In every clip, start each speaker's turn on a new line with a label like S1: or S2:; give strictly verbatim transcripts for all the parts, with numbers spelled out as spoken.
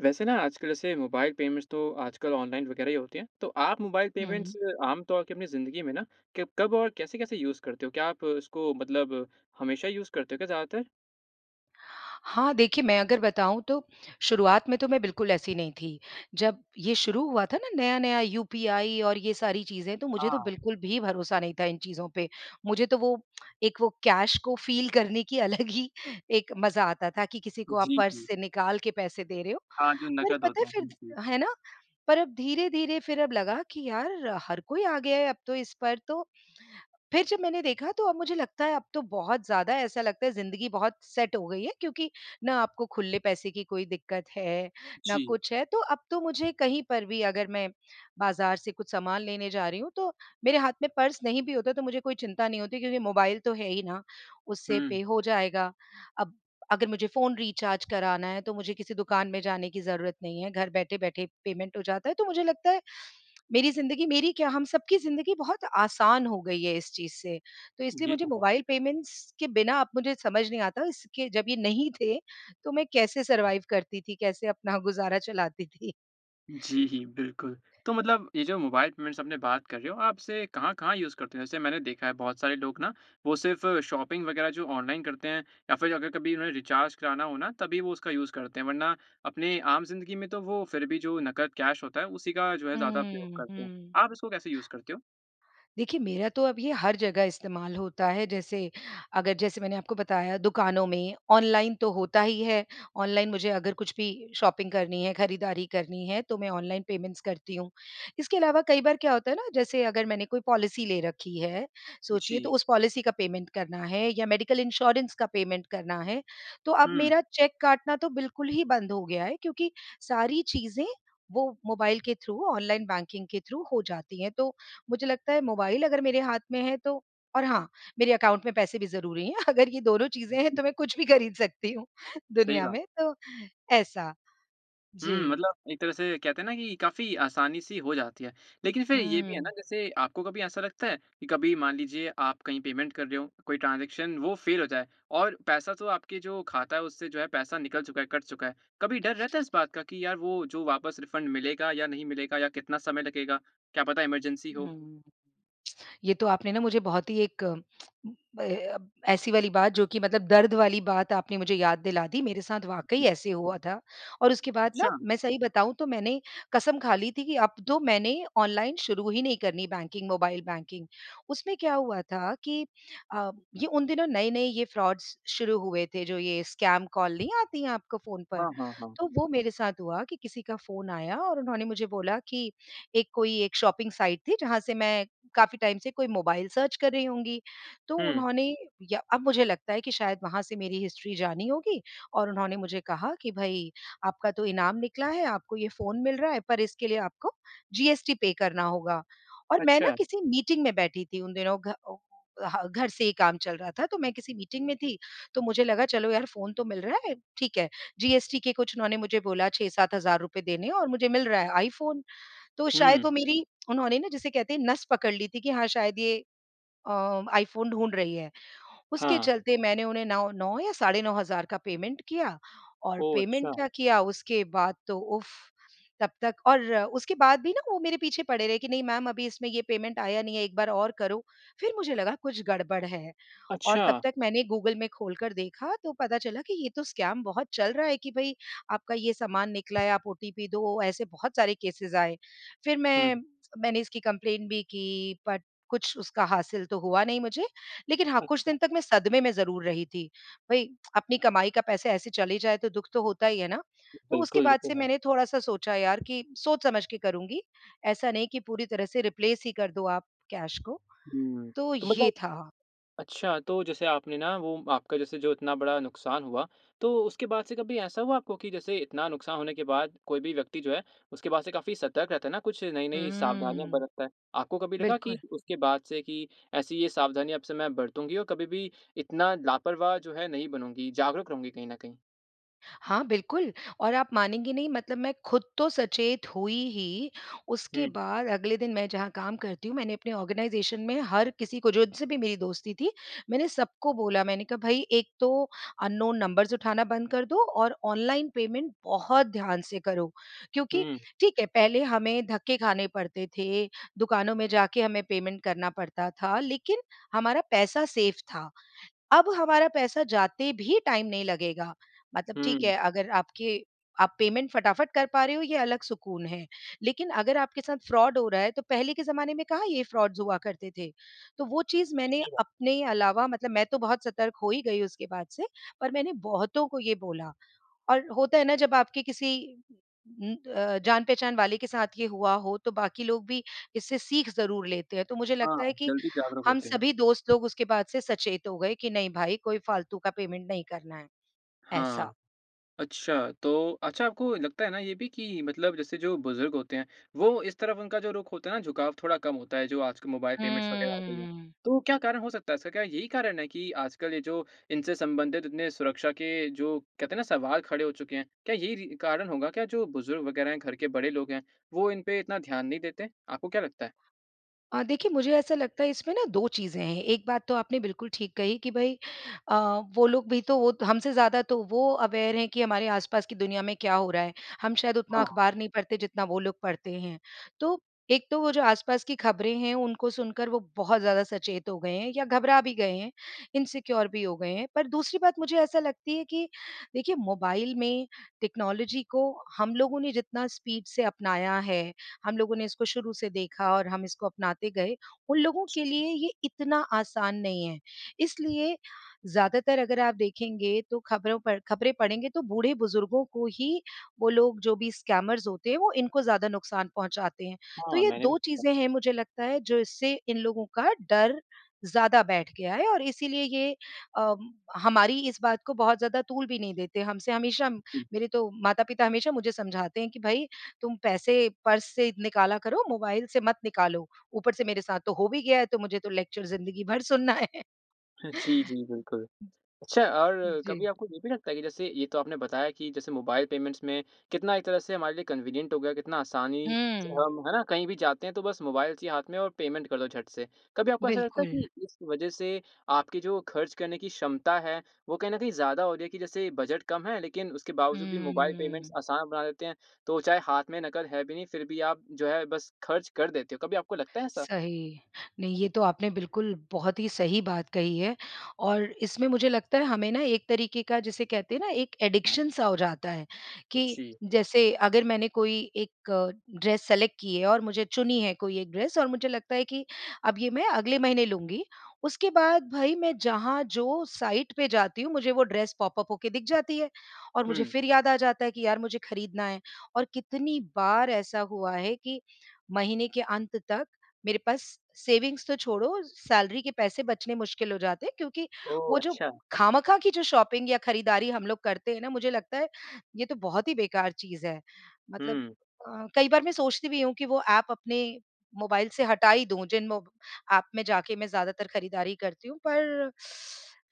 S1: वैसे ना, आजकल, जैसे मोबाइल पेमेंट्स तो आजकल ऑनलाइन वगैरह ही होती हैं, तो आप मोबाइल
S2: हुँ।
S1: पेमेंट्स आम तौर की अपनी ज़िंदगी में ना किब कब और कैसे-कैसे यूज़ करते हो? क्या आप इसको मतलब हमेशा यूज़ करते हो क्या ज़्यादातर?
S2: हाँ, देखिए, मैं अगर बनाऊँ, तो शुरुआत में तो मैं बिल्कुल ऐसी नहीं थी। जब ये शुरू हुआ था ना नया-नया, यूपीआई और ये सारी चीज़ें, तो मुझे तो
S1: हाँ।
S2: बिल्कुल भी भरोसा नहीं था इन चीज़ों पे। मुझे तो वो एक वो कैश को फ़ील करने की अलग ही एक मज़ा आता था कि किसी को आप
S1: जी,
S2: पर्स
S1: जी।
S2: से निकाल के पैसे दे रहे हो।
S1: हाँ, जो
S2: पर
S1: नकद
S2: पता
S1: होते
S2: है
S1: हैं। हुँ, हुँ।
S2: फिर है ना? पर अब धीरे-धीरे फिर अब लगा कि यार, हर कोई आ गया है अब तो इस पर। तो फिर जब मैंने देखा, तो अब मुझे लगता है, अब तो बहुत ज़्यादा ऐसा लगता है ज़िंदगी बहुत सेट हो गई है क्योंकि ना आपको खुले पैसे की कोई दिक्कत है, ना
S1: जी।
S2: कुछ है। तो अब तो मुझे कहीं पर भी, अगर मैं बाज़ार से कुछ सामान लेने जा रही हूँ, तो मेरे हाथ में पर्स नहीं भी होता है, तो मुझे कोई चिंता नहीं होती क्योंकि मोबाइल तो है ही ना। उससे पे
S1: हुँ।
S2: हो जाएगा। अब अगर मुझे फ़ोन रिचार्ज कराना है, तो मुझे किसी दुकान में जाने की ज़रूरत नहीं है, घर बैठे बैठे पेमेंट हो जाता है। तो मुझे लगता है, मेरी ज़िंदगी मेरी क्या, हम सबकी ज़िंदगी बहुत आसान हो गई है, इस चीज़ से। तो इसलिए
S1: ये
S2: मुझे
S1: तो है।
S2: मोबाइल पेमेंट्स के बिना अब मुझे समझ नहीं आता, इसके जब ये नहीं थे, तो मैं कैसे सर्वाइव करती थी, कैसे अपना गुज़ारा चलाती थी?,
S1: जी, बिल्कुल। तो मतलब ये जो मोबाइल पेमेंट्स आपने बात कर रहे हो, आप इसे कहाँ-कहाँ यूज़ करते हैं? जैसे मैंने देखा है, बहुत सारे लोग ना, वो सिर्फ़ शॉपिंग वगैरह जो ऑनलाइन करते हैं या फिर अगर कभी उन्होंने रीचार्ज कराना हो ना, तभी वो उसका यूज़ करते हैं, वरना अपनी आम ज़िंदगी में तो वो फिर भी जो नकद कैश होता है, उसी का जो है, ज़्यादा उपयोग
S2: हुँ,
S1: करते हैं।
S2: हुँ।
S1: आप इसको कैसे यूज़ करते हो?
S2: देखिए, मेरा तो अब ये हर जगह इस्तेमाल होता है। जैसे अगर जैसे मैंने आपको बताया, दुकानों में ऑनलाइन तो होता ही है। ऑनलाइन मुझे अगर कुछ भी शॉपिंग करनी है, खरीदारी करनी है, तो मैं ऑनलाइन पेमेंट्स करती हुँ। इसके अलावा कई बार क्या होता है ना, जैसे अगर मैंने कोई पॉलिसी ले रखी है, सोचिए, तो
S1: जी।
S2: उस पॉलिसी का पेमेंट करना है या मेडिकल इंश्योरेंस का पेमेंट करना है। तो अब
S1: हुँ।
S2: मेरा चेक काटना तो बिल्कुल ही बंद हो गया है क्योंकि सारी चीज़ें वो मोबाइल के थ्रू, ऑनलाइन बैंकिंग के थ्रू हो जाती हैं। तो मुझे लगता है, मोबाइल अगर मेरे हाथ में है तो और हाँ, मेरे अकाउंट में पैसे भी ज़रूरी हैं। अगर ये दोनों चीज़ें हैं, तो मैं कुछ भी खरीद सकती हूँ,
S1: सही
S2: दुनिया
S1: बात।
S2: में, तो ऐसा।
S1: हुँ,
S2: जी।
S1: मतलब एक तरह से कहते हैं ना कि काफ़ी आसानी-सी हो जाती है। लेकिन फिर ये भी है ना,
S2: हुँ।
S1: जैसे, आपको कभी ऐसा लगता है कि कभी मान लीजिए, आप कहीं पेमेंट कर रहे हों, कोई ट्रांज़ैक्शन, वो फ़ेल हो जाए और पैसा तो आपके जो खाता है, उससे जो है, पैसा निकल चुका है, कट चुका है। कभी डर रहता है, इस बात का कि यार, वो जो वापस रीफ़ंड मिलेगा या नहीं मिलेगा या कितना समय लगेगा, क्या पता इमरजेंसी हो?
S2: हुँ। ये तो आपने ना मुझे बहुत ही एक ए, अ, ऐसी वाली बात, जो कि मतलब दर्द वाली बात आपने मुझे याद दिला दी। मेरे साथ वाक़ई ऐसे हुआ था और उसके बाद ना,
S1: अच्छा।
S2: मैं सही बताऊँ, तो मैंने कसम खा ली थी कि अब तो मैंने ऑनलाइन शुरू ही नहीं करनी बैंकिंग, मोबाइल बैंकिंग। उसमें क्या हुआ था कि अ, ये उन दिनों नए-नए ये फ़्रॉड्स शुरू हुए थे, जो ये स्कैम कॉल नहीं आती हैं आपको फ़ोन पर?
S1: हाँ, हाँ, हाँ।
S2: तो वो मेरे साथ हुआ कि किसी का फ़ोन आया और उन्होंने मुझे बोला कि एक कोई एक शॉपिंग साईट थी, जहाँ से मैं काफ़ी टाइम से कोई मोबाइल सर्च कर रही होंगी। तो
S1: हुँ।
S2: उन्होंने या अब मुझे लगता है कि शायद वहाँ से मेरी हिस्ट्री जानी होगी और उन्होंने मुझे कहा कि, "भई, आपका तो इनाम निकला है, आपको ये फ़ोन मिल रहा है, पर इसके लिए आपको जीएसटी पे करना होगा और मैं ना
S1: अच्छा।
S2: किसी मीटिंग में बैठी थी उन दिनों, घ अ अ, ह घर से ही काम चल रहा था। तो मैं किसी मीटिंग में थी। तो मुझे लगा चलो यार, फ़ोन तो मिल रहा है, ठीक है। जीएसटी के कुछ उन्होंने मुझे बोला, छह सात हज़ार रुपए देने है और मुझे मिल रहा है iPhone। तो
S1: हुँ।
S2: शायद वो मेरी, उन्होंने ना, जिसे कहते हैं, नस पकड़ ली थी कि हाँ, शायद ये अ, iPhone ढूँढ रही है। उसके
S1: हाँ।
S2: चलते मैंने उन्हें नाओ नौ या साढ़े नौ हज़ार का पेमेंट किया और
S1: ओह!
S2: पेमेंट
S1: अच्छा।
S2: क्या किया, उसके बाद तो उफ़! तब तक और उसके बाद भी ना, वो मेरे पीछे पड़े रहे कि, "नहीं मैम, अभी इसमें ये पेमेंट आया नहीं है, एक बार और करो। फिर मुझे लगा, कुछ गड़बड़ है और तब
S1: अच्छा।
S2: तक मैंने गूगल में खोलकर देखा, तो पता चला कि ये तो स्कैम बहुत चल रहा है कि भई, आपका ये सामान निकला है, आप ओटीपी दो। ऐसे बहुत सारे केसेस आए। फिर
S1: हुँ।
S2: मैं मैंने इसकी कम्प्लेंट भी की, बट कुछ उसका हासिल तो हुआ नहीं मुझे। लेकिन हाँ, कुछ
S1: अच्छा।
S2: दिन तक मैं सदमे में ज़रूर रही थी। भई, अपनी कमाई का पैसे ऐसे चले जाए, तो दुख तो होता ही है ना। तो उसके
S1: बिल्कुल, ये
S2: बाद
S1: तो
S2: से
S1: है।
S2: मैंने थोड़ा-सा सोचा यार कि सोच समझ के करूँगी। ऐसा नहीं कि पूरी तरह से रिप्लेस ही कर दो आप कैश को।
S1: हुँ।
S2: तो
S1: तो मतलब
S2: ये था।
S1: अच्छा, तो जैसे आपने ना, वो आपका, जैसे जो इतना बड़ा नुकसान हुआ, तो उसके बाद से कभी ऐसा हुआ आपको कि जैसे इतना नुकसान होने के बाद कोई भी व्यक्ति जो है, उसके बाद से काफ़ी सतर्क रहता है ना, कुछ
S2: हुँ,
S1: नई-नई सावधानियाँ
S2: हुँ।
S1: बरतता है। आपको कभी लगा कि
S2: बिल्कुल।
S1: उसके बाद से कि ऐसी ये सावधानियाँ अब से मैं बरतूँगी और कभी भी इतना लापरवाह जो है, नहीं बनूँगी, जागरूक रहूँगी कहीं न कहीं।?
S2: हाँ, बिल्कुल और आप मानेंगे नहीं, मतलब मैं खुद तो सचेत हुई ही, उसके
S1: हुँ।
S2: बाद अगले दिन मैं जहाँ काम करती हूँ, मैंने अपने ऑर्गेनाइज़ेशन में हर किसी को जो जिससे भी मेरी दोस्ती थी, मैंने सबको बोला। मैंने कहा भई, एक तो अननोन नंबर्स उठाना बंद कर दो और ऑनलाइन पेमेंट बहुत ध्यान से करो। क्योंकि
S1: हुँ।
S2: ठीक है, पहले हमें धक्के खाने पड़ते थे, दुकानों में जाके हमें पेमेंट करना पड़ता था, लेकिन हमारा पैसा सेफ़ था। अब हमारा पैसा जाते भी टाइम नहीं लगेगा। मतलब ठीक
S1: हुँ।
S2: है, अगर आपके आप पेमेंट फटाफट कर पा रहे हो, ये अलग सुकून है। लेकिन अगर आपके साथ फ्रॉड हो रहा है, तो पहले के ज़माने में कहाँ ये फ्रॉड्स हुआ करते थे। तो वो चीज़ मैंने
S1: सही बात।
S2: अपने अलावा, मतलब मैं तो बहुत सतर्क हो ही गई उसके बाद से, पर मैंने बहुतों को ये बोला, और होता है ना, जब आपके किसी उम, अ, जान-पहचान वाले के साथ ये हुआ हो, तो बाकी लोग भी इससे सीख ज़रूर लेते हैं। तो मुझे
S1: हाँ,
S2: लगता है कि
S1: जल्दी जागरूक
S2: हम
S1: होते हैं।
S2: सभी दोस्त लोग उसके बाद से सचेत हो गए कि नहीं भाई, कोई फ़ालतू का पेमेंट नहीं करना है,
S1: हाँ।
S2: ऐसा।
S1: अच्छा, तो अच्छा आपको लगता है ना, ये भी कि मतलब जैसे जो बुज़ुर्ग होते हैं, वो इस तरफ़ उनका जो रुख होता है ना, झुकाव थोड़ा कम होता है, जो आजकल मोबाइल पेमेंट्स वगैरह आ गई हैं।
S2: हुँ।
S1: तो क्या कारण हो सकता है? इसका क्या यही कारण है कि आजकल ये जो इनसे संबंधित इतने सुरक्षा के जो कहते हैं ना, सवाल खड़े हो चुके हैं। क्या यही रि कारण होगा क्या, जो बुज़ुर्ग वगैरह हैं, घर के बड़े लोग हैं, वो इन पे इतना ध्यान नहीं देते? आपको क्या लगता है?
S2: अ, देखिए, मुझे ऐसा लगता है, इसमें ना दो चीज़ें हैं। एक बात तो आपने बिल्कुल ठीक कही कि भई अ, वो लोग भी तो वो त हमसे ज़्यादा तो वो अवेयर हैं कि हमारे आसपास की दुनिया में क्या हो रहा है। हम शायद उतना
S1: हाँ।
S2: अखबार नहीं पढ़ते, जितना वो लोग पढ़ते हैं। तो एक तो वो जो आसपास की खबरें हैं, उनको सुनकर वो बहुत ज़्यादा सचेत हो गए हैं या घबरा भी गए हैं, इनसिक्योर भी हो गए हैं। पर दूसरी बात मुझे ऐसा लगती है कि देखिए, मोबाइल में टेक्नोलॉजी को हम लोगों ने जितना स्पीड से अपनाया है, हम लोगों ने इसको शुरू से देखा और हम इसको अपनाते गए, उन लोगों के लिए ये इतना आसान नहीं है। इसलिए ज़्यादातर अगर आप देखेंगे, तो खबरों पर खबरें पढ़ेंगे, तो बूढ़-बुज़ुर्गों को ही वो लोग, जो भी स्कैमर्स होते हैं, वो इनको ज़्यादा नुकसान पहुँचाते हैं। तो
S1: हाँ,
S2: ये
S1: मैंने भी
S2: दो
S1: [unintelligible]
S2: चीज़ें हैं, मुझे लगता है, जिससे इन लोगों का डर ज़्यादा बैठ गया है और इसीलिए ये अम, हमारी इस बात को बहुत ज़्यादा तूल भी नहीं देते। हमसे हमेशा
S1: हुँ।
S2: मेरे तो माता-पिता हमेशा मुझे समझाते हैं कि, "भई, तुम पैसे पर्स से निकाला करो, मोबाइल से मत निकालो।" ऊपर से मेरे साथ तो हो भी गया है, तो मुझे तो लेक्चर ज़िंदगी भर सुनना है।
S1: जी, जी, बिल्कुल। अच्छा और
S2: जी।
S1: कभी आपको ये भी लगता है कि जैसे ये तो आपने बताया कि जैसे मोबाइल पेमेंट्स में कितना एक तरह से हमारे लिए कन्वीनियंट हो गया, कितना आसानी से
S2: हुँ।
S1: हम, है ना? कहीं भी जाते हैं, तो बस मोबाइल चाहिए हाथ में और पेमेंट कर दो झट से। कभी आपको ऐसा लगता है
S2: बिल्कुल।
S1: कि इस वजह से आपकी जो खर्च करने की क्षमता है, वो कहीं न कहीं ज़्यादा हो रही है कि जैसे बजट कम है, लेकिन उसके बावजूद भी मोबाइल पेमेंट्स
S2: हुँ।
S1: आसान बना देते हैं, तो चाहे हाथ में नकद है भी नहीं, फिर भी आप जो है, बस खर्च कर देते हो, कभी आपको लगता है ऐसा?
S2: सही। नहीं, ये तो आपने बिल्कुल बहुत ही सही बात कही है और इसमें मुझे लगता है, हमें ना एक तरीके का, जिसे कहते हैं ना एक एडिक्शन सा हो जाता है
S1: अ,
S2: कि
S1: जी।
S2: जैसे अगर मैंने कोई एक ड्रेस सेलेक्ट की है और मुझे चुनी है कोई एक ड्रेस और मुझे लगता है कि अब ये मैं अगले महीने लूँगी। उसके बाद, भई, मैं जहाँ जो साईट पे जाती हूँ, मुझे वो ड्रेस पॉप अप होके दिख जाती है और मुझे
S1: हुँ।
S2: फिर याद आ जाता है कि यार, मुझे खरीदना है। और कितनी बार ऐसा हुआ है कि महीने के अंत तक मेरे पास सेविंग्स तो छोड़ो, सैलरी के पैसे बचने मुश्किल हो जाते हैं क्योंकि
S1: ओह!
S2: वो जो
S1: अच्छा।
S2: खामखा की जो शॉपिंग या खरीदारी हम लोग करते हैं ना, मुझे लगता है, ये तो बहुत ही बेकार चीज़ है। मतलब
S1: हुँ।
S2: अ, कई बार मैं सोचती भी हूँ कि वो ऐप अपने मोबाइल से हटा ही दूँ, जिन वो ऐप में जाके मैं ज़्यादातर खरीदारी करती हूँ, पर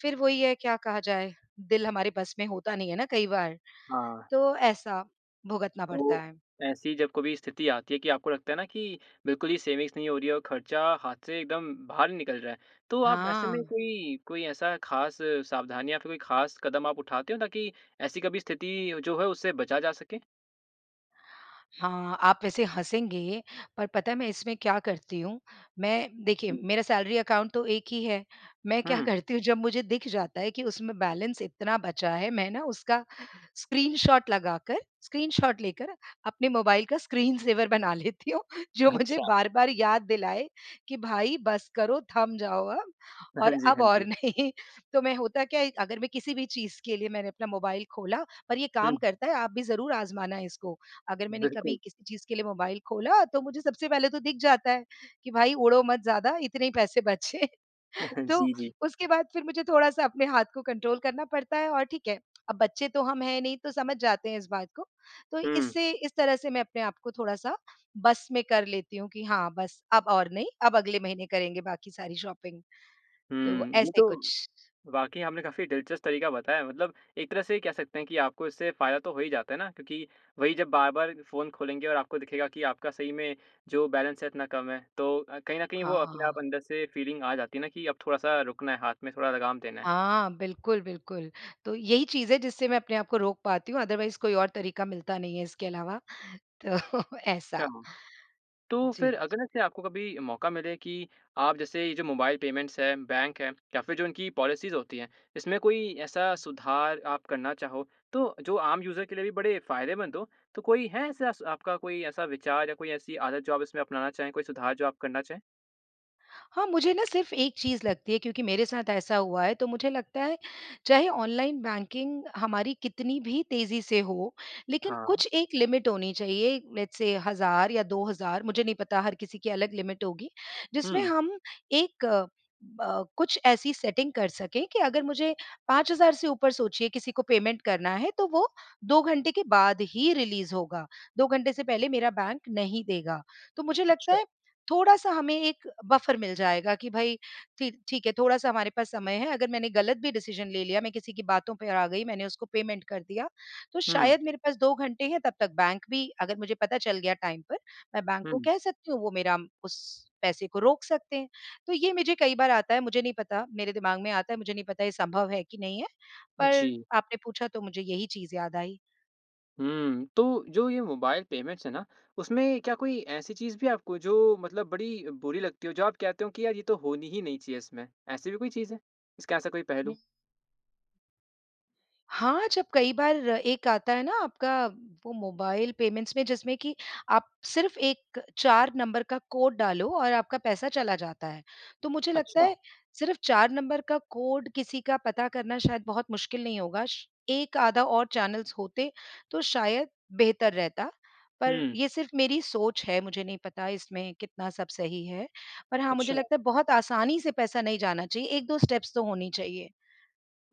S2: फिर वो ही है, क्या कहा जाए? दिल हमारे बस में होता नहीं है ना कई बार।
S1: हाँ।
S2: तो ऐसा भुगतना पड़ता
S1: तो
S2: है।
S1: ऐसी जब कभी स्थिति आती है कि आपको लगता है ना कि बिल्कुल ही सेविंग्स नहीं हो रही है और खर्चा हाथ से एकदम बाहर ही निकल रहा है, तो आप ऐसे में
S2: हाँ।
S1: कोई कोई ऐसा खास सावधानियाँ कभी खास कदम आप उठाते हो, ताकि ऐसी कभी स्थिति जो है, उससे बचा जा सके?
S2: हाँ, आप वैसे हँसेंगे पर पता है मैं इसमें क्या करती हूँ? मैं देखिए
S1: हुँ।
S2: मेरा सैलरी अकाउंट तो एक ही है। मैं क्या
S1: हुँ।
S2: करती हूँ, जब मुझे दिख जाता है कि उसमें बैलेंस इतना बचा है, मैं ना उसका स्क्रीनशॉट लगाकर स्क्रीनशॉट लेकर अपने मोबाइल का स्क्रीन सेवर बना लेती हूँ, जो मुझे
S1: अच्छा।
S2: बार-बार याद दिलाए कि भाई बस करो, थम जाओ अब
S1: हाँ
S2: और
S1: जी,
S2: अब
S1: हाँ
S2: और
S1: जी।
S2: नहीं। तो मैं होता क्या है, अगर मैं किसी भी चीज़ के लिए मैंने अपना मोबाइल खोला और ये काम
S1: हुँ।
S2: करता है आप भी ज़रूर आज़माना इसको। अगर मैंने
S1: बिल्कुल।
S2: कभी किसी चीज़ के लिए मोबाइल खोला तो मुझे सबसे पहले तो दिख जाता है कि भाई उड़ो मत ज़्यादा, इतने ही पैसे बचे। तो
S1: जी, जी।
S2: उसके बाद फिर मुझे थोड़ा-सा अपने हाथ को कंट्रोल करना पड़ता है और ठीक है। अब बच्चे तो हम हैं नहीं तो समझ जाते हैं इस बात को। तो
S1: हुँ।
S2: इससे इस तरह से मैं अपने आप को थोड़ा-सा बस में कर लेती हूँ। कि हाँ, बस अब और नहीं। अब अगले महीने करेंगे बाकी सारी शॉपिंग। तो
S1: हुँ। ये
S2: ऐसे
S1: तो
S2: कुछ।
S1: वाक़ई आपने काफ़ी दिलचस्प तरीका बताया। मतलब एक तरह से कह सकते हैं कि आपको इससे फ़ायदा तो हो ही जाता है ना। क्योंकि वही जब बार-बार फ़ोन खोलेंगे और आपको दिखेगा कि आपका सही में जो बैलेंस है इतना कम है तो अ, कहीं न कहीं वो अपने आप
S2: हाँ।
S1: अंदर से एक फ़ीलिंग आ जाती है ना कि अब थोड़ा-सा रुकना है, हाथ में थोड़ा लगाम देना है।
S2: हाँ। बिल्कुल, बिल्कुल। तो यही चीज़ है जिससे मैं अपने आप को रोक पाती हूँ। अदरवाइज़ कोई और तरीका मिलता नहीं है इसके अलावा। तो
S1: अच्छा।
S2: ऐसा।
S1: तो फ़िर
S2: जी।
S1: अगर ऐसे आपको कभी मौका मिले कि आप जैसे ये जो मोबाइल पेमेंट्स है, बैंक है या फिर जो उनकी पॉलिसीज़ होती है, इसमें कोई ऐसा सुधार आप करना चाहो, तो जो आम यूज़र के लिए बड़े फ़ायदेमंद हो? तो कोई है ऐसे स आपका कोई ऐसा विचार या कोई ऐसी आदत जो आप इसमें अपनाना चाहे? कोई सुधार जो आप करना चाहे?
S2: हाँ, मुझे ना सिर्फ़ एक चीज़ लगती है क्योंकि मेरे साथ ऐसा हुआ है। तो मुझे लगता है, चाहे ऑनलाइन बैंकिंग हमारी कितनी भी तेज़ी से हो, लेकिन
S1: हाँ।
S2: कुछ एक लिमिट होनी चाहिए। लेट्स सेय, हज़ार या दो हज़ार मुझे नहीं पता हर किसी की अलग लिमिट होगी। जिसमें
S1: हुँ।
S2: हम एक अ, कुछ ऐसी सेटिंग कर सकें कि अगर मुझे पाँच हज़ार से ऊपर सोचिए किसी को पेमेंट करना है, तो वो दो घंटे के बाद ही रिलीज़ होगा। दो घंटे से पहले मेरा बैंक नहीं देगा। तो मुझे लगता
S1: अच्छा।
S2: है, थोड़ा-सा हमें एक बफर मिल जाएगा कि भई ठी ठीक है, थोड़ा-सा हमारे पास समय है। अगर मैंने गलत भी डिसिज़न ले लिया, मैं किसी की बातों पे आ गई, मैंने उसको पेमेंट कर दिया, तो
S1: हुँ।
S2: शायद मेरे पास दो घंटे हैं। तब तक बैंक भी अगर मुझे पता चल गया टाइम पर, मैं बैंक को
S1: हुँ।
S2: कह सकती हूँ वो मेरा उस पैसे को रोक सकते हैं। तो ये मुझे कई बार आता है, मुझे नहीं पता मेरे दिमाग में आता है मुझे नहीं पता ये संभव है कि नहीं है। पर
S1: जी।
S2: आपने पूछा तो मुझे यही चीज़ याद आई।
S1: हुँ। तो जो ये मोबाइल पेमेंट्स है ना उसमें क्या कोई ऐसी चीज़ भी आपको जो मतलब बड़ी बुरी लगती हो, जो आप कहते हो कि यार ये तो होनी ही नहीं चाहिए इसमें। ऐसी भी कोई चीज़ है? इसका ऐसा कोई
S2: हुँ।
S1: पहलू?
S2: हाँ, जब कई बार एक आता है ना आपका वो मोबाइल पेमेंट्स में जिसमें कि आप सिर्फ़ एक चार नंबर का कोड डालो और आपका पैसा चला जाता है। तो मुझे लगता
S1: अच्छा।
S2: है सिर्फ़ चार नंबर का कोड किसी का पता करना शायद बहुत मुश्किल नहीं होगा श एक आधा और चैनल्स होते तो शायद बेहतर रहता। पर
S1: हुँ।
S2: ये सिर्फ़ मेरी सोच है, मुझे नहीं पता इसमें कितना सब सही है। पर हाँ, मुझे
S1: अच्छा।
S2: लगता है बहुत आसानी से पैसा नहीं जाना चाहिए। एक दो स्टेप्स तो होनी चाहिए।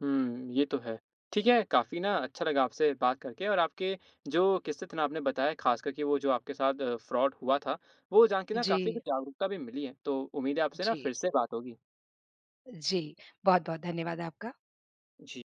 S1: हुँ, ये तो है। ठीक है, काफ़ी ना अच्छा लगा आपसे बात करके। और आपके जो किस्से थे ना आपने बताया ख़ासकर कि वो जो आपके साथ फ्रॉड हुआ था, वो जान के ना काफ़ी कुछ
S2: जी।
S1: जागरूकता भी मिली है। तो उम्मीद है आपसे ना
S2: जी।
S1: फ़िर से बात होगी।
S2: जी। बहुत-बहुत धन्यवाद आपका।
S1: जी।